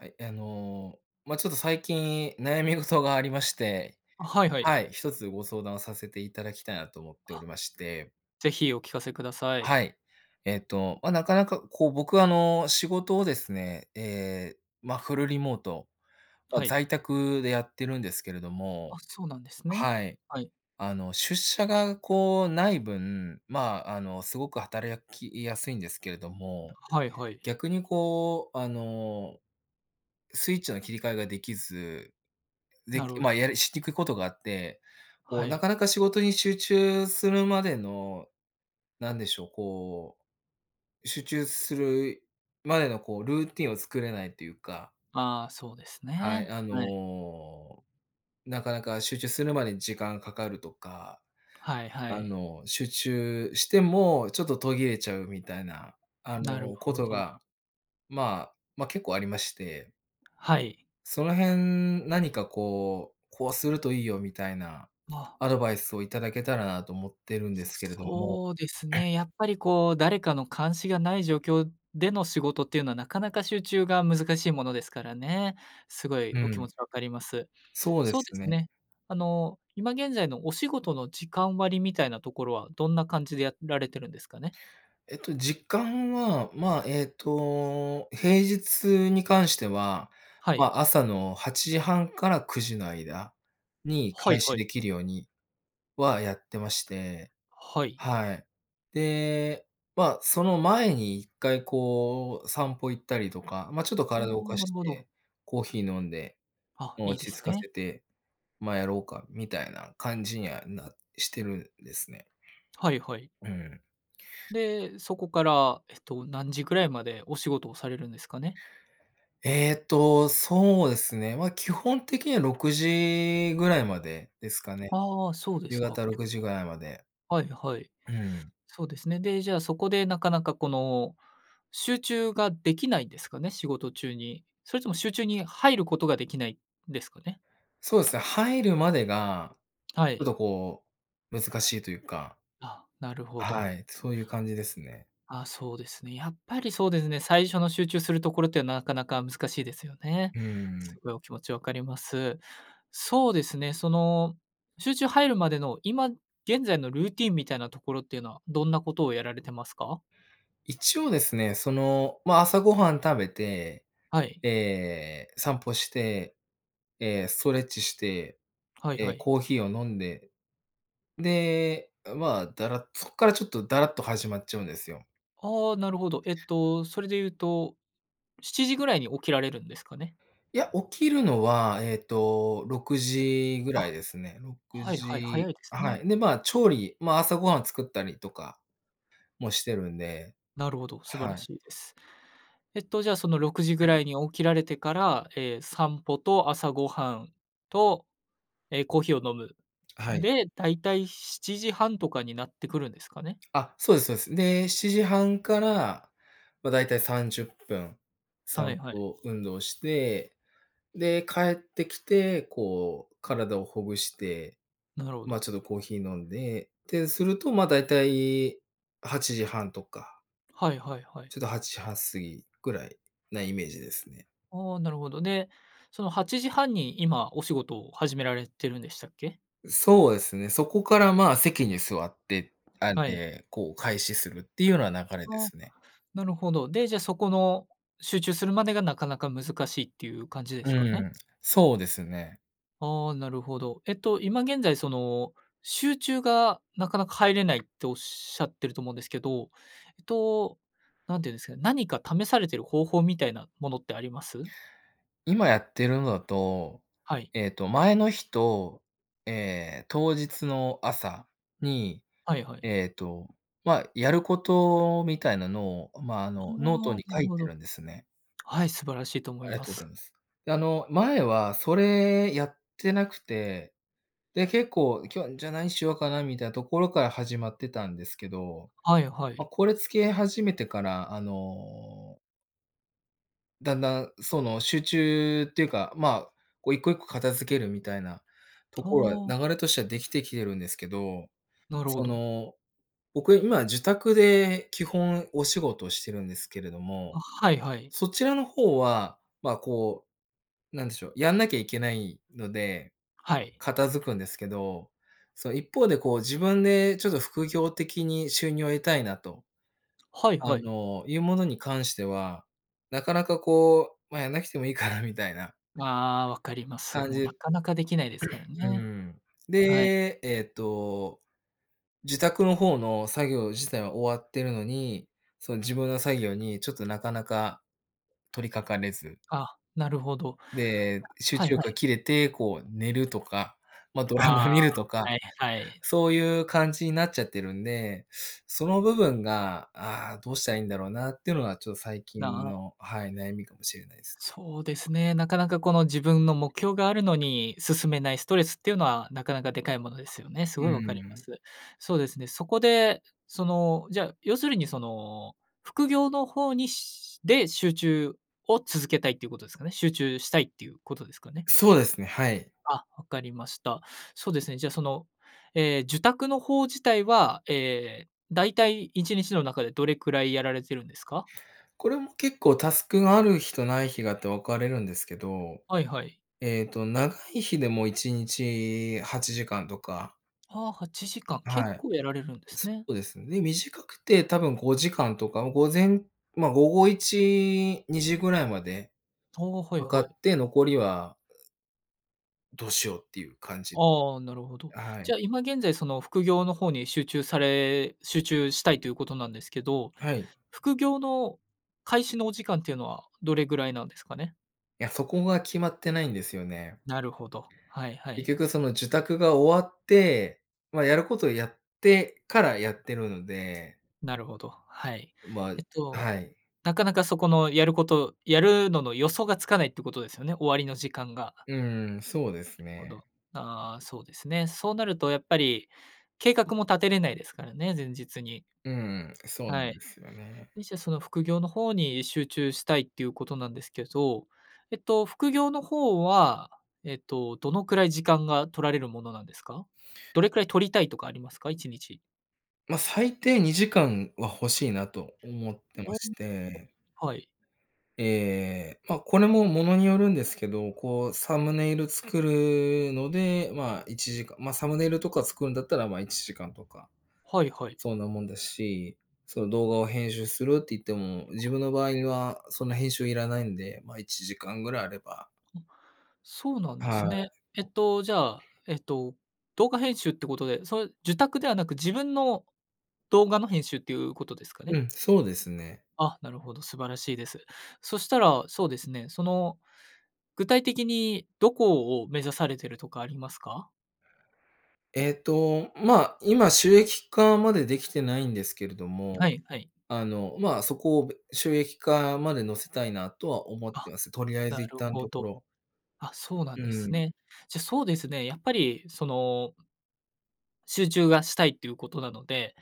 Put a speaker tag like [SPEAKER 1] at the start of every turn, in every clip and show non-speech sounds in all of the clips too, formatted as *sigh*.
[SPEAKER 1] はい、あの、ま、ちょっと最近悩み事がありまして、
[SPEAKER 2] あ、はいは
[SPEAKER 1] は
[SPEAKER 2] い。
[SPEAKER 1] い、一つご相談をさせていただきたいなと思っており
[SPEAKER 2] あ。
[SPEAKER 1] まして。
[SPEAKER 2] ぜひお聞かせください。
[SPEAKER 1] はい。えっと、ま、なかなかこう僕、あの、仕事をですね、え、ま、フルリモート、ま、
[SPEAKER 2] はい。
[SPEAKER 1] 在宅でやってるんですけれど
[SPEAKER 2] あ、
[SPEAKER 1] も、
[SPEAKER 2] そうなんですね。
[SPEAKER 1] はい。
[SPEAKER 2] はい。
[SPEAKER 1] あの、出社がこうない分、まあ、あの、すごく働やきやすいんですけれども、
[SPEAKER 2] はいはい。
[SPEAKER 1] 逆にこうあの、スイッチの切り替えが出来ず、
[SPEAKER 2] な
[SPEAKER 1] で、
[SPEAKER 2] るほど。
[SPEAKER 1] ま、やりしにくことがあって、こ
[SPEAKER 2] は
[SPEAKER 1] うな
[SPEAKER 2] い。
[SPEAKER 1] かなか仕事に集中するまでの、なんでしょう、こう、集中するまでのこう、ルーティンを作れないっていうか。
[SPEAKER 2] ああ、そうです
[SPEAKER 1] はい、
[SPEAKER 2] ね。
[SPEAKER 1] あ
[SPEAKER 2] はい。
[SPEAKER 1] の、なかなか集中するまでに時間かかるとか。
[SPEAKER 2] はいは
[SPEAKER 1] あ
[SPEAKER 2] い。
[SPEAKER 1] の集中しても、ちょっと途切れちゃうみたいな、あ
[SPEAKER 2] なる
[SPEAKER 1] のこ
[SPEAKER 2] ほ
[SPEAKER 1] と
[SPEAKER 2] ど。
[SPEAKER 1] が、まあ、ま、結構ありまして。
[SPEAKER 2] はい。
[SPEAKER 1] その辺何かこう、こうするといいよ、みたいな
[SPEAKER 2] あ。
[SPEAKER 1] アドバイスをいただけたらなと思ってるんですけれども。
[SPEAKER 2] そうです
[SPEAKER 1] *clears throat*
[SPEAKER 2] ね、やっぱりこう誰かの監視がない状況での仕事っていうのはなかなか集中が難しいものですからね。すごい
[SPEAKER 1] う
[SPEAKER 2] お気
[SPEAKER 1] ん。
[SPEAKER 2] 持ち分かります。
[SPEAKER 1] そうで
[SPEAKER 2] そうで
[SPEAKER 1] す
[SPEAKER 2] す
[SPEAKER 1] ね。
[SPEAKER 2] ね、あの、今現在のお仕事の時間割みたいなところは、どんな感じでやられてるんですかね？
[SPEAKER 1] えっと、時間は、まあ、えっと、平日に関しては、
[SPEAKER 2] はい。
[SPEAKER 1] ま、朝の8:30から9:00の間に
[SPEAKER 2] はい
[SPEAKER 1] 開
[SPEAKER 2] は
[SPEAKER 1] 始
[SPEAKER 2] い。
[SPEAKER 1] できるようには、やってまして。
[SPEAKER 2] はい。
[SPEAKER 1] はい。で、まあ、その前に一回こう散歩行ったりとか、ま、ちょっと
[SPEAKER 2] あ、
[SPEAKER 1] 体を動か
[SPEAKER 2] な
[SPEAKER 1] し
[SPEAKER 2] るほど。
[SPEAKER 1] て、コーヒー飲んで、
[SPEAKER 2] あ、
[SPEAKER 1] もう
[SPEAKER 2] いい
[SPEAKER 1] 落
[SPEAKER 2] で
[SPEAKER 1] ち
[SPEAKER 2] す
[SPEAKER 1] 着かせ
[SPEAKER 2] ね。
[SPEAKER 1] て、まあやろうか、みたいな感じにはなしてるんですね。
[SPEAKER 2] はいはい。
[SPEAKER 1] うん。
[SPEAKER 2] で、そこからえっと何時ぐらいまでお仕事をされるんですかね？
[SPEAKER 1] えっと、そうですね、まあ基本的には6時ぐらいまでですかね。
[SPEAKER 2] ああ、そうで
[SPEAKER 1] 夕
[SPEAKER 2] すか。
[SPEAKER 1] 方ろ
[SPEAKER 2] 結
[SPEAKER 1] くじぐらいまで。
[SPEAKER 2] 構はいはい。
[SPEAKER 1] うーん。
[SPEAKER 2] そうですね。で、じゃあそこでなかなかこの、集中ができないんですかね？仕事中に。それとも集中に入ることができない、ですかね？
[SPEAKER 1] そうですね、入るまでが、
[SPEAKER 2] は
[SPEAKER 1] ちょっ
[SPEAKER 2] い。
[SPEAKER 1] とこう、難しいというか。
[SPEAKER 2] あ、なるほど。
[SPEAKER 1] はい、そういう感じですね。
[SPEAKER 2] あ、そうですね。やっぱりそうですね、最初の集中するところってなかなか難しいですよね。
[SPEAKER 1] うー
[SPEAKER 2] す
[SPEAKER 1] ん。
[SPEAKER 2] ごいお気持ち分かります。そうですね、その、集中入るまでの今現在のルーティンみたいなところっていうのは、どんなことをやられてますか？
[SPEAKER 1] 一応ですね、その、ま、朝ご飯食べて、
[SPEAKER 2] はい。
[SPEAKER 1] え、散歩して、え、ストレッチして、
[SPEAKER 2] はいは
[SPEAKER 1] え、
[SPEAKER 2] い。
[SPEAKER 1] コーヒーを飲んで、で、まあ、ダラそこからちょっとダラっと始まっちゃうんですよ。
[SPEAKER 2] ああ、なるほど、えっと、それで言うと7時ぐらいに起きられるんですかね？
[SPEAKER 1] いや、起きるのはえっと、6時ぐらい
[SPEAKER 2] あ、
[SPEAKER 1] ですね。ろく
[SPEAKER 2] はいはい、早
[SPEAKER 1] じ
[SPEAKER 2] いです
[SPEAKER 1] は
[SPEAKER 2] ね。
[SPEAKER 1] い、で、まあ、調理、まあ、朝ご飯作ったりとかもしてるんで、
[SPEAKER 2] なるほど、素晴
[SPEAKER 1] は
[SPEAKER 2] ら
[SPEAKER 1] い。
[SPEAKER 2] しいです。えっと、じゃあ、その6時ぐ
[SPEAKER 1] *clears throat*
[SPEAKER 2] らいに起きられてから、え、散歩と朝ご飯と、え、コーヒーを飲む、
[SPEAKER 1] はい。
[SPEAKER 2] で、だいたい7:30とかになってくるんですかね？
[SPEAKER 1] あ、そうですそうです。で、7:30から、ま、大体30分、
[SPEAKER 2] は
[SPEAKER 1] 散
[SPEAKER 2] いはい。
[SPEAKER 1] 歩、運動して、で、帰ってきて、こう、体をほぐして、
[SPEAKER 2] なるほ
[SPEAKER 1] ま、
[SPEAKER 2] ど。
[SPEAKER 1] ちょっとコーヒー飲んでってすると、ま、大体8:30とか
[SPEAKER 2] はいはいはい。
[SPEAKER 1] ちょっと8:30過ぎぐらいなイメージですね。
[SPEAKER 2] あ、なるほど。で、その8:30に今お仕事を始められてるんでしたっけ？
[SPEAKER 1] そうですね、そこから、ま、席に座って、あん
[SPEAKER 2] はい。
[SPEAKER 1] で、こう開始するっていうのは流れで
[SPEAKER 2] あ、
[SPEAKER 1] すね。
[SPEAKER 2] なるほど。で、じゃ、そこの集中するまでがなかなか難しいっていう感じで
[SPEAKER 1] う
[SPEAKER 2] すかね？
[SPEAKER 1] ん、そうですね。
[SPEAKER 2] ああ。なるほど。えっと今現在その、集中がなかなか入れないっておっしゃってると思うんですけど、えっと何て言うんですかね、何か試されている方法みたいなものってあります？
[SPEAKER 1] 今やってるのだと、
[SPEAKER 2] はい。
[SPEAKER 1] えっと、前の日と、ええ、当日の朝に、
[SPEAKER 2] はいはい。
[SPEAKER 1] えっと、まあ、やることみたいなのを、ま、あ
[SPEAKER 2] あ
[SPEAKER 1] の、ノート
[SPEAKER 2] あ、
[SPEAKER 1] に
[SPEAKER 2] な
[SPEAKER 1] 書
[SPEAKER 2] る
[SPEAKER 1] い
[SPEAKER 2] ほ
[SPEAKER 1] て
[SPEAKER 2] ど。
[SPEAKER 1] るんですね。
[SPEAKER 2] はい、素晴らしいと思
[SPEAKER 1] あ
[SPEAKER 2] い
[SPEAKER 1] りが
[SPEAKER 2] ま
[SPEAKER 1] とうご
[SPEAKER 2] す。
[SPEAKER 1] ざいます。で、あの、前はそれやってなくて、で、結構今日じゃ何しようかなみたいなところから始まってたんですけど、
[SPEAKER 2] はいは
[SPEAKER 1] ま、
[SPEAKER 2] い。
[SPEAKER 1] これ付け始めてから、あのだんだん、その、集中っていうか、ま、こう一個一個片付けるみたいなと
[SPEAKER 2] あ
[SPEAKER 1] ころは、
[SPEAKER 2] あ。
[SPEAKER 1] 流れとしてはできてきてるんですけど、
[SPEAKER 2] なるほ
[SPEAKER 1] そ
[SPEAKER 2] ど。
[SPEAKER 1] の、僕今受託で基本お仕事してるんですけれど
[SPEAKER 2] あ、
[SPEAKER 1] も、
[SPEAKER 2] はいはい。
[SPEAKER 1] そちらの方は、ま、こう、なんでしょう、やんなきゃいけないので、
[SPEAKER 2] はい。
[SPEAKER 1] 片付くんですけど、その一方でこう自分でちょっと副業的に収入を得たいなと、
[SPEAKER 2] はい
[SPEAKER 1] あ
[SPEAKER 2] はい。
[SPEAKER 1] の、いうものに関しては、なかなか、こう、ま、やんなくてもいいかなみたいな
[SPEAKER 2] ああ、わかります。
[SPEAKER 1] 感
[SPEAKER 2] もうな
[SPEAKER 1] じ
[SPEAKER 2] かなかできないですから
[SPEAKER 1] *clears throat* う
[SPEAKER 2] ね。
[SPEAKER 1] ん。
[SPEAKER 2] はい。
[SPEAKER 1] で、えっと、受託の方の作業自体は終わってるのに、その自分の作業にちょっとなかなか取りかかれず。
[SPEAKER 2] あ、なるほど。
[SPEAKER 1] で、集
[SPEAKER 2] はい
[SPEAKER 1] 中
[SPEAKER 2] は
[SPEAKER 1] 力が
[SPEAKER 2] い。
[SPEAKER 1] 切れてこう寝るとか、ま、ドラ
[SPEAKER 2] ああ、
[SPEAKER 1] マ見るとか、
[SPEAKER 2] ない、はい。
[SPEAKER 1] そういう感じになっちゃってるんで、その部分が、ああ、どうしたらいいんだろうなっていうのがちょっと最
[SPEAKER 2] だ、
[SPEAKER 1] 近
[SPEAKER 2] は。
[SPEAKER 1] の、はい、悩みかもしれないです。
[SPEAKER 2] そうですね、なかなかこの自分の目標があるのに進めないストレスっていうのは、なかなかでかいものですよね。す
[SPEAKER 1] う
[SPEAKER 2] ごいわかりま
[SPEAKER 1] ん。
[SPEAKER 2] す。そうですね、そこでその、じゃ、要するにその副業の方にしで、集中を続けたいっていうことですかね。集中したいっていうことですかね？
[SPEAKER 1] そうですね、はい。
[SPEAKER 2] あ、分かりました。そうですね、じゃあ、その、ええ、受託の方自体は、ええ、だいたい1日の中でどれくらいやられているんですか？
[SPEAKER 1] これも結構タスクがある日とない日があって分かれるんですけど、
[SPEAKER 2] はいはい。
[SPEAKER 1] えっと、長い日でも1日8時間とか。
[SPEAKER 2] は、8時間、結
[SPEAKER 1] はい。
[SPEAKER 2] 構やられるんです
[SPEAKER 1] そ
[SPEAKER 2] ね。
[SPEAKER 1] うですね。で、短くて多分5時間とか、もう午前ま、午後1、2時ぐらいまで
[SPEAKER 2] お、はい
[SPEAKER 1] かか
[SPEAKER 2] はい。
[SPEAKER 1] って、残りはどうしようっていう感じ。
[SPEAKER 2] ああ、なるほど。
[SPEAKER 1] あ、はい。
[SPEAKER 2] じゃあ今現在その副業の方に集中され集中したいということなんですけど、
[SPEAKER 1] はい。
[SPEAKER 2] 副業の開始のお時間っていうのはどれぐらいなんですかね？
[SPEAKER 1] いや、そこが決まってないんですよね。
[SPEAKER 2] なるほど。はいは
[SPEAKER 1] 結
[SPEAKER 2] い。
[SPEAKER 1] 局その、受託が終わって、ま、やることをやってから、やってるので。
[SPEAKER 2] なるほど、はい。
[SPEAKER 1] ま
[SPEAKER 2] えっ
[SPEAKER 1] は
[SPEAKER 2] と、
[SPEAKER 1] い。
[SPEAKER 2] なかなかそこのやること、やるのの予想がつかないってことですよね、終わりの時間が。
[SPEAKER 1] うん、そうです
[SPEAKER 2] ほ
[SPEAKER 1] ね。
[SPEAKER 2] ど。ああ、そうですね。そうなるとやっぱり計画も立てれないですからね、前日に。
[SPEAKER 1] うん、そうな
[SPEAKER 2] は
[SPEAKER 1] ん
[SPEAKER 2] い、
[SPEAKER 1] ですよね。
[SPEAKER 2] で、じゃあその副業の方に集中したいっていうことなんですけど、えっと、副業の方は、えっと、どのくらい時間が取られるものなんですか？どれくらい取りたいとかありますか？1日。
[SPEAKER 1] ま、最低２時間は欲しいなと思って
[SPEAKER 2] あ
[SPEAKER 1] ま
[SPEAKER 2] あ、
[SPEAKER 1] して。
[SPEAKER 2] は、はい。
[SPEAKER 1] ええ、ま、これもものによるんですけど、こうサムネイル作るので、ま、１時間、まあ、サムネイルとか作るんだったら、ま、1時間とか、
[SPEAKER 2] はいはい。
[SPEAKER 1] そんなもんですし、その動画を編集するって言っても、自
[SPEAKER 2] *unintelligible*
[SPEAKER 1] 分の場合はそんな編集いらないんで、まあ、１時間ぐらいあれば。
[SPEAKER 2] あ、そうなんで
[SPEAKER 1] は
[SPEAKER 2] すね。
[SPEAKER 1] い。
[SPEAKER 2] えっと、じゃ、えっと、動画編集ってことで、それ受託ではなく自分の動画の編集っていうことですか
[SPEAKER 1] う
[SPEAKER 2] ね？
[SPEAKER 1] ん、そうですね。
[SPEAKER 2] あ、なるほど、素晴らしいです。そしたら、そうですね、その具体的にどこを目指されているとかありますか？
[SPEAKER 1] えっと、まあ、今収益化までできてないんですけれども、
[SPEAKER 2] はい、はい。
[SPEAKER 1] あの、まあ、そこを、べ収益化まで乗せたいなとは思っ
[SPEAKER 2] あ、
[SPEAKER 1] てます。とりあえ
[SPEAKER 2] な
[SPEAKER 1] ず、一
[SPEAKER 2] る
[SPEAKER 1] 旦、
[SPEAKER 2] ほ
[SPEAKER 1] とこ
[SPEAKER 2] ど。
[SPEAKER 1] ろ。
[SPEAKER 2] あ、そうな
[SPEAKER 1] う
[SPEAKER 2] んで
[SPEAKER 1] ー
[SPEAKER 2] す
[SPEAKER 1] ん。
[SPEAKER 2] ね。じゃ、そうですね、やっぱりその集中がしたいっていうことなので、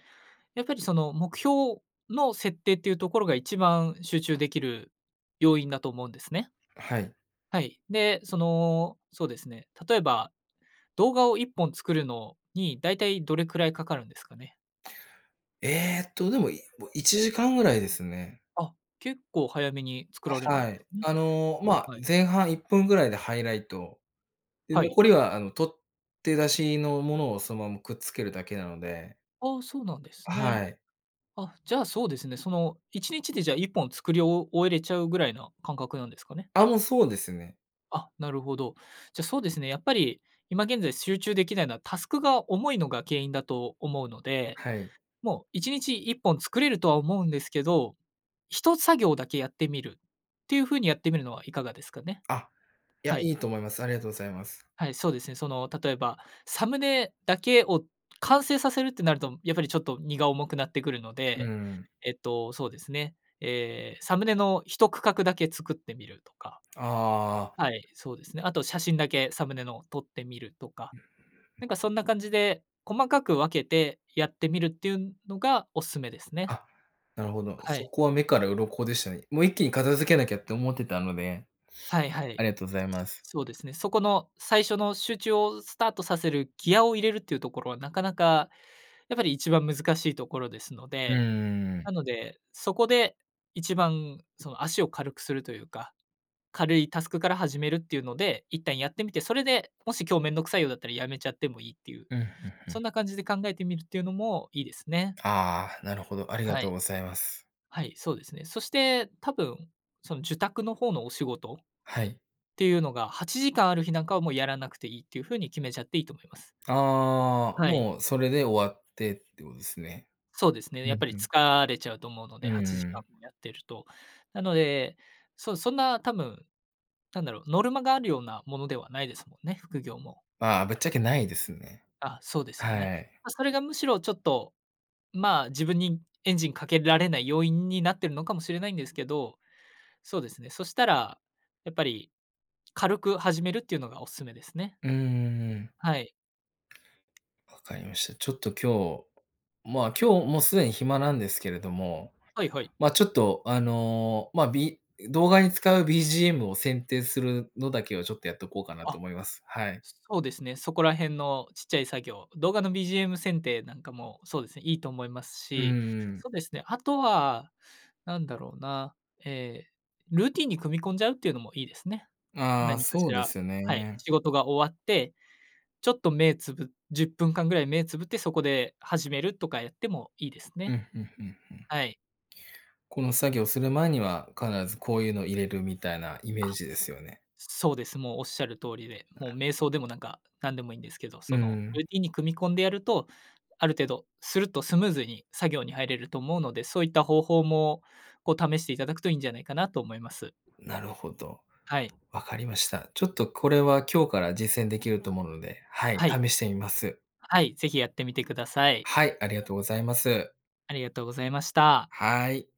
[SPEAKER 2] やっぱりその、目標の設定っていうところが、一番集中できる要因だと思うんですね。
[SPEAKER 1] はい。
[SPEAKER 2] はい。で、その、そうですね、例えば、動画を1本作るのにだいたいどれくらい掛かるんですかね？
[SPEAKER 1] えっと、でも、い1時間ぐらいですね。
[SPEAKER 2] あ、結構早めに作られ
[SPEAKER 1] あ、
[SPEAKER 2] る。
[SPEAKER 1] はい。
[SPEAKER 2] *unintelligible*
[SPEAKER 1] あの、
[SPEAKER 2] は
[SPEAKER 1] ま
[SPEAKER 2] い
[SPEAKER 1] あ、
[SPEAKER 2] はい。
[SPEAKER 1] 前半1分ぐらいでハイライト。で、
[SPEAKER 2] はい。
[SPEAKER 1] 残りは、あの、撮って出しのものを、そのままくっつけるだけなので。
[SPEAKER 2] ああ、そうなんですね。
[SPEAKER 1] はい。
[SPEAKER 2] あ、じゃあそうですね、その、1日でじゃあ、1本作り終終えれちゃうぐらいな感覚なんですかね？
[SPEAKER 1] あ、もう、そうですね。
[SPEAKER 2] あ、なるほど。じゃ、そうですね、やっぱり今現在集中できないのは、タスクが重いのが原因だと思うので、
[SPEAKER 1] はい。
[SPEAKER 2] もう、1日1本作れるとは思うんですけど、一作業だけやってみるっていう風にやってみるのはいかがですかね？
[SPEAKER 1] あ、いや、
[SPEAKER 2] はい。
[SPEAKER 1] いいと思います。ありがとうございます。
[SPEAKER 2] はい、そうですね。その、例えば、サムネだけを完成させるってなると、やっぱりちょっと、荷が重くなってくるの
[SPEAKER 1] うー
[SPEAKER 2] で、
[SPEAKER 1] ん。
[SPEAKER 2] えっと、そうですね、ええ、サムネの一区画だけ作ってみるとか。
[SPEAKER 1] ああ。
[SPEAKER 2] はい、そうですね。あと、写真だけ、サムネの撮ってみるとか、
[SPEAKER 1] うん。う
[SPEAKER 2] な
[SPEAKER 1] ん。
[SPEAKER 2] んかそんな感じで、細かく分けてやってみるっていうのがお勧めですね。
[SPEAKER 1] あ、なるほど。
[SPEAKER 2] は
[SPEAKER 1] そ
[SPEAKER 2] い。
[SPEAKER 1] こは目から鱗でしたね。もう一気に片付けなきゃって思ってたので、
[SPEAKER 2] はい、は
[SPEAKER 1] *sniffs* あ
[SPEAKER 2] い、
[SPEAKER 1] りがとうございます。
[SPEAKER 2] そうですね。そこの最初の集中をスタートさせるギアを入れるっていうところは、なかなかやっぱり、一番難しいところですの
[SPEAKER 1] う
[SPEAKER 2] で。
[SPEAKER 1] ーん。
[SPEAKER 2] なので、そこで一番、その、足を軽くするというか、軽いタスクから始めるっていうので、一旦やってみて、それでもし、今日めんどくさいようだったら止めちゃってもいいっていう、
[SPEAKER 1] うん、ふん、ふ
[SPEAKER 2] そ
[SPEAKER 1] ん。
[SPEAKER 2] んな感じで考えてみるっていうのもいいですね。
[SPEAKER 1] ああ、なるほど、ありが
[SPEAKER 2] は
[SPEAKER 1] とう
[SPEAKER 2] い。
[SPEAKER 1] ございます。
[SPEAKER 2] はい、そうですね。そして多分、その受託の方のお仕事っ
[SPEAKER 1] はい。
[SPEAKER 2] ていうのが8時間ある日なんかは、もうやらなくていいっていう風に決めちゃっていいと思います。
[SPEAKER 1] ああ、
[SPEAKER 2] はい。
[SPEAKER 1] もうそれで終わってってことですね。
[SPEAKER 2] そうですね。
[SPEAKER 1] う
[SPEAKER 2] やっ
[SPEAKER 1] ん、
[SPEAKER 2] ぱり、
[SPEAKER 1] ふん。
[SPEAKER 2] 疲れちゃうと思うの
[SPEAKER 1] う
[SPEAKER 2] で
[SPEAKER 1] ん
[SPEAKER 2] は
[SPEAKER 1] う
[SPEAKER 2] ちじか
[SPEAKER 1] ん。
[SPEAKER 2] んもやってると、なので、そそんな多分、なんだろう、ノルマがあるようなものではないですもんね？副業も。
[SPEAKER 1] まあ、ぶっちゃけないですね。
[SPEAKER 2] あ、そうですよね。
[SPEAKER 1] はい。
[SPEAKER 2] ま、それがむしろ、ちょっとまあ、自分にエンジンかけられない要因になってるのかもしれないんですけど、そうですね、そしたらやっぱり、軽く始めるっていうのがお勧めですね。
[SPEAKER 1] うんうんうん。
[SPEAKER 2] はい。
[SPEAKER 1] 分かりました。ちょっと今日まあ、今日もうすでに暇なんですけれども、
[SPEAKER 2] はい、はい。
[SPEAKER 1] ま、ちょっとあの、まあ、B 動画に使う BGM を選定するのだけを、ちょっとやっとこうかなと
[SPEAKER 2] あ、
[SPEAKER 1] 思います。はい。
[SPEAKER 2] そうですね、そこら辺のちっちゃい作業、動画の BGM 選定なんかもそうですね、いいと思います
[SPEAKER 1] うん、
[SPEAKER 2] し、
[SPEAKER 1] うん。
[SPEAKER 2] そうですね、あとはなんだろうな、ええ、ルーティンに組み込んじゃうっていうのもいいですね。
[SPEAKER 1] ああ、
[SPEAKER 2] 何か
[SPEAKER 1] そ
[SPEAKER 2] し
[SPEAKER 1] うで
[SPEAKER 2] ら
[SPEAKER 1] すよ
[SPEAKER 2] はい、
[SPEAKER 1] ね。
[SPEAKER 2] 仕事が終わって、ちょっと目つぶ10分間ぐらい目つぶって、そこで始めるとかやってもいいです
[SPEAKER 1] う
[SPEAKER 2] ね。
[SPEAKER 1] ん、ふん、ふん、ふん。
[SPEAKER 2] はい。
[SPEAKER 1] この作業する前には、必ずこういうのを入れるみたいなイメー
[SPEAKER 2] あ、
[SPEAKER 1] ジですよね。
[SPEAKER 2] そうです。もうおっしゃる通りで、
[SPEAKER 1] な
[SPEAKER 2] もう
[SPEAKER 1] る
[SPEAKER 2] 瞑
[SPEAKER 1] ほど。
[SPEAKER 2] 想でも、なんか、なんでもいいんですけど、
[SPEAKER 1] うー
[SPEAKER 2] その
[SPEAKER 1] ん。
[SPEAKER 2] ルーティンに組み込んでやると、ある程度すると、スムーズに作業に入れると思うので、そういった方法も、こう、試していただくといいんじゃないかなと思います。
[SPEAKER 1] なるほど、
[SPEAKER 2] はい。
[SPEAKER 1] 分かりました。ちょっとこれは、今日から実践できると思うので、はい、
[SPEAKER 2] はい。
[SPEAKER 1] 試してみます。
[SPEAKER 2] はい、是非やってみてください。
[SPEAKER 1] はい、ありがとうございます。
[SPEAKER 2] ありがとうございました。
[SPEAKER 1] はい。